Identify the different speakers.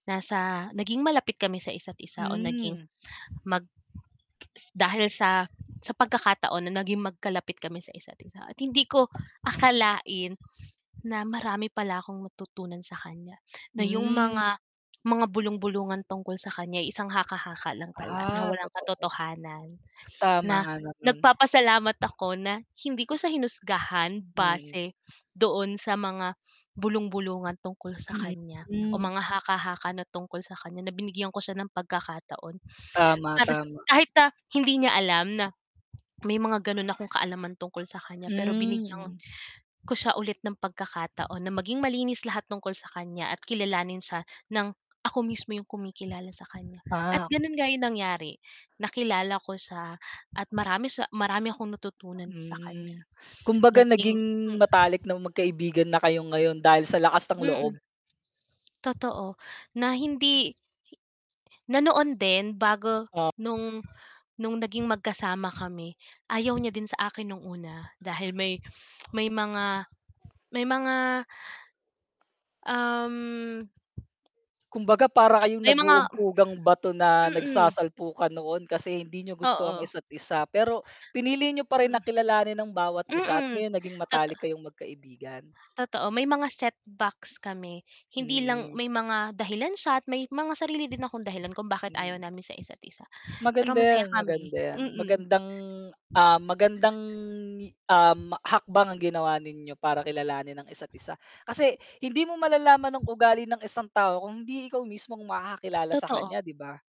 Speaker 1: Nasa naging malapit kami sa isa't isa o naging
Speaker 2: Hmm.
Speaker 1: mag k s dahil sa sa pagkakataon na naging magkalapit kami sa isa't isa, at hindi ko akalain na marami pala akong matutunan sa kan'ya, na 'yong
Speaker 2: Hmm.
Speaker 1: mga mga bulung-bulungan tungkol sa kaniya ay isang haka-haka lang pala na
Speaker 2: Ah,
Speaker 1: walang
Speaker 2: totoo.
Speaker 1: katotohanan.
Speaker 2: Tama
Speaker 1: Na
Speaker 2: nga naman.
Speaker 1: nagpapasalamat ako na hindi ko siya hinusgahan
Speaker 2: Mm.
Speaker 1: base doon sa mga bulung-bulungan tungkol sa
Speaker 2: Hmm,
Speaker 1: kaniya o
Speaker 2: hmm.
Speaker 1: mga haka-haka na tungkol sa kaniya na binigyan ko siya ng pagkakataon,
Speaker 2: Tama,
Speaker 1: para sa
Speaker 2: tama.
Speaker 1: kahit na hindi niya alam na may mga gano'n akong kaalaman tungkol sa kaniya, pero binigyan
Speaker 2: Hmm.
Speaker 1: ko siya ulit ng pagkakataon na maging malinis lahat tungkol sa kaniya, at kilalanin siya ng ako mismo 'yong kumikilala sa kaniya, at
Speaker 2: Pa
Speaker 1: gano'n nga 'yon nangyari, nakilala ko siya at marami sa marami akong natutunan sa kaniya.
Speaker 2: Mm, kumbaga
Speaker 1: Naging
Speaker 2: naging
Speaker 1: hmm
Speaker 2: matalik ng magkaibigan na kayo ngayon dahil sa lakas ng
Speaker 1: Mm.
Speaker 2: loob.
Speaker 1: Totoo, na hindi na noon din, bago
Speaker 2: Ah
Speaker 1: no'ng no'ng naging magkasama kami, ayaw niya din sa akin no'ng, una dahil may may mga may mga Um.
Speaker 2: Kumbaga, para kayong
Speaker 1: May mga
Speaker 2: nag-uumpugang bato na
Speaker 1: Mm.
Speaker 2: nagsasalpukan noon, kasi hindi niyo gusto ang
Speaker 1: Oo.
Speaker 2: isa't isa, pero pinili niyo pa rin
Speaker 1: Mm.
Speaker 2: na kilalanin ang bawat isa at
Speaker 1: Mm,
Speaker 2: ngayon naging
Speaker 1: toto
Speaker 2: matalik kayong magkaibigan.
Speaker 1: Totoo, may mga set backs kami, hindi lang
Speaker 2: Mm.
Speaker 1: may mga dahilan siya at may mga sarili din akong dahilan kung bakit ayaw
Speaker 2: Hmm.
Speaker 1: namin sa isa't isa, pero
Speaker 2: Maganda
Speaker 1: masaya
Speaker 2: 'yan,
Speaker 1: kami.
Speaker 2: maganda 'yan,
Speaker 1: Mm.
Speaker 2: magandang, ah, magandang i um, hakbang ang ginawa ninyo para kilalanin ang isa't isa, kasi hindi mo malalaman ang ugali ng isang tao kung hindi ikaw mismong makakakilala sa
Speaker 1: Totoo.
Speaker 2: kan'ya, 'di ba?